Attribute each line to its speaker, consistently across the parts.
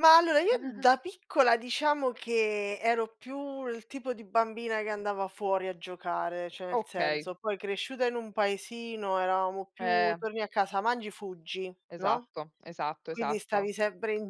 Speaker 1: Ma allora io da piccola diciamo che ero più il tipo di bambina che andava fuori a giocare, cioè nel
Speaker 2: Okay.
Speaker 1: senso, poi cresciuta in un paesino eravamo più:
Speaker 2: Ehm.
Speaker 1: torni a casa, mangi, fuggi, no,
Speaker 2: Esatto, esatto,
Speaker 1: quindi
Speaker 2: esatto.
Speaker 1: stavi sempre in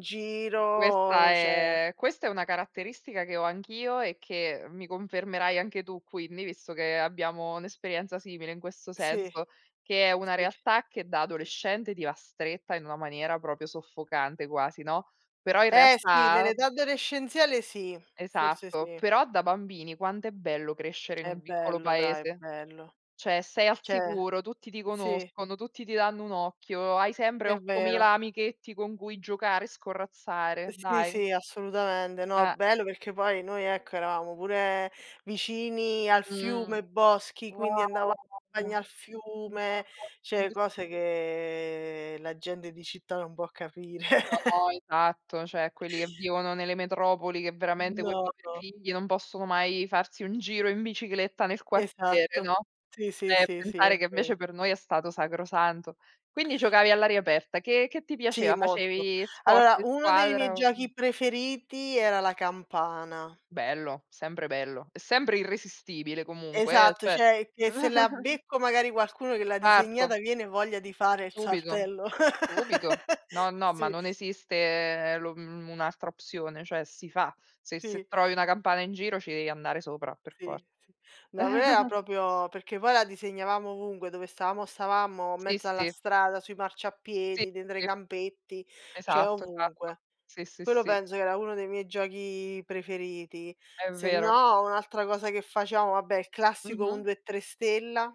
Speaker 2: Questa
Speaker 1: giro, cioè
Speaker 2: è questa è una caratteristica che ho anch'io e che mi confermerai anche tu quindi, visto che abbiamo un'esperienza simile in questo
Speaker 1: Sì,
Speaker 2: senso, che è una
Speaker 1: sì.
Speaker 2: realtà che da adolescente ti va stretta in una maniera proprio soffocante quasi, no, però in
Speaker 1: Eh, sì
Speaker 2: realtà
Speaker 1: nell'età adolescenziale sì, forse
Speaker 2: Esatto,
Speaker 1: sì.
Speaker 2: però da bambini quant'è bello crescere in
Speaker 1: È
Speaker 2: un piccolo
Speaker 1: bello dai,
Speaker 2: paese,
Speaker 1: bello.
Speaker 2: cioè sei al
Speaker 1: Cioè,
Speaker 2: sicuro, tutti ti
Speaker 1: sì.
Speaker 2: conoscono, tutti ti danno un occhio, hai sempre
Speaker 1: È vero.
Speaker 2: 8000 amichetti con cui giocare e scorrazzare,
Speaker 1: Sì,
Speaker 2: dai.
Speaker 1: sì, assolutamente. No,
Speaker 2: Eh.
Speaker 1: bello perché poi noi ecco, eravamo pure vicini al
Speaker 2: Mhmm,
Speaker 1: fiume, boschi, quindi
Speaker 2: wow
Speaker 1: andava bagno
Speaker 2: no,
Speaker 1: al
Speaker 2: mi
Speaker 1: fiume, cioè
Speaker 2: [unintelligible]
Speaker 1: cose che la gente di città non può capire.
Speaker 2: No, esatto cioè quelli che vivono nelle metropoli che veramente quei
Speaker 1: No,
Speaker 2: poveri
Speaker 1: no.
Speaker 2: figli non possono mai farsi un giro in bicicletta nel quartiere,
Speaker 1: Esatto,
Speaker 2: no,
Speaker 1: sì, sì,
Speaker 2: cioè e
Speaker 1: sì, sì,
Speaker 2: pensare
Speaker 1: è
Speaker 2: che
Speaker 1: vero.
Speaker 2: invece per noi è stato sacrosanto. Quindi, giocavi all'aria aperta, che che ti
Speaker 1: Sì,
Speaker 2: piaceva?
Speaker 1: molto.
Speaker 2: Facevi sport
Speaker 1: Allora,
Speaker 2: di
Speaker 1: uno dei miei
Speaker 2: squadra o, mhmm
Speaker 1: giochi preferiti era la campana.
Speaker 2: Bello, sempre bello, è sempre irresistibile comunque eh,
Speaker 1: Esatto,
Speaker 2: cioè
Speaker 1: cioè che se la becco magari qualcuno che l'ha
Speaker 2: Certo.
Speaker 1: disegnata, viene voglia di fare il
Speaker 2: Subito,
Speaker 1: saltello.
Speaker 2: subito. No, no, ma
Speaker 1: Sì.
Speaker 2: non esiste lo, mhmm, un'altra opzione, cioè si fa. Se se
Speaker 1: Sì.
Speaker 2: trovi una campana in giro ci devi andare sopra per for
Speaker 1: Sì, sì, no, da noi era proprio perché poi la disegnavamo ovunque, dove stavamo stavamo,
Speaker 2: Sì,
Speaker 1: mezzo alla
Speaker 2: sì.
Speaker 1: strada, sui
Speaker 2: Sì,
Speaker 1: marciapiedi, dentro ai
Speaker 2: sì.
Speaker 1: campetti, cioè
Speaker 2: Esatto esatto.
Speaker 1: ovunque.
Speaker 2: Sì, sì,
Speaker 1: Quello
Speaker 2: sì.
Speaker 1: penso che era uno dei miei giochi preferiti,
Speaker 2: È vero.
Speaker 1: sennò un'altra cosa che facevamo, vabbè il classico un,
Speaker 2: Mh-mh.
Speaker 1: due, tre stella.